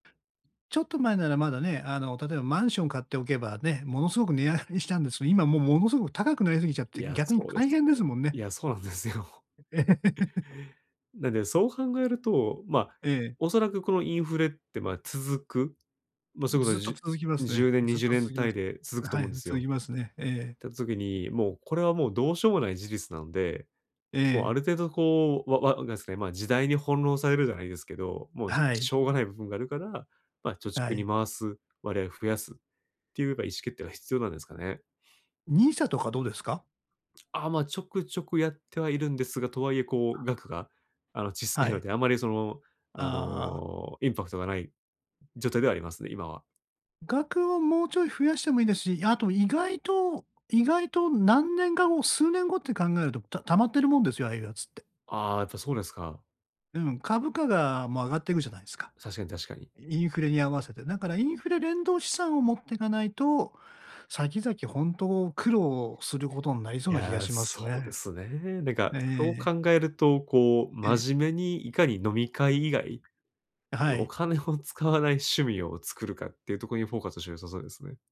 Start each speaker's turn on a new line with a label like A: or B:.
A: ちょっと前ならまだね、あの、例えばマンション買っておけばね、ものすごく値上がりしたんです。今もう、ものすごく高くなりすぎちゃっ
B: い
A: て、
B: や、
A: 逆に
B: そうで
A: 大
B: す
A: 変で
B: ね。
A: すもん
B: い
A: ね。
B: や、そうなんですよ。なんで、そう考えると、ま、
A: ええ。
B: おそらくこのインフレって、ま、続く、ま、そういうこと
A: ずっ
B: はじ
A: と
B: ゅ
A: 続きます
B: じゅ
A: ね。
B: うねんに
A: ずっ
B: じゅう
A: と
B: ねん
A: 続きま
B: 単位
A: す。
B: で続
A: ん、
B: くと
A: は
B: 思う
A: い、
B: んです
A: 続
B: よ。
A: きますね。ええ。
B: たつ時に、もう、これはもう、どうしょうもない事実なんで、
A: え
B: もう、あ
A: え。
B: る程度、こう、わわなんすか、いまあ、時代に翻弄されるじゃないですけど、もう、し
A: はい。
B: しょうがない部分があるから、ま、貯
A: は
B: 蓄に
A: い。
B: 回す割合を増やすっていうか、意思決定が必要なんですかね？
A: NISA とかどうですか？
B: ああ、ま、ちょくちょくやってはいるんですが、とはいえ、こう、額が、あの、ちっさ
A: は
B: いの
A: い。
B: で、あまりその、あ
A: ああ。
B: の、インパクトがない状態ではありますね、今は。
A: 額はもうちょい増やしてもいいですし、あと意外と意外と何年か後、数年後って考えると、た貯まってるもんですよ、ああいうやつって。
B: ああ、やっぱそうですか。
A: うん、株価が、ま、上がっていくじゃないすか。
B: 確かに確かに。
A: インフレに合わせて。だからインフレ連動資産を持ってかないと、先々本当苦労することになり
B: い
A: そうな気が
B: や、
A: しますよ、
B: そうで
A: え。
B: すね。なんか、
A: ええ
B: そ
A: え
B: う
A: え。
B: 考えると、こう、
A: え。
B: 真面目に、いかに飲み会以外、
A: あ、は
B: お
A: い。
B: 金を使わない趣味を作るかっていうとこにフォーカスして良さそうですね。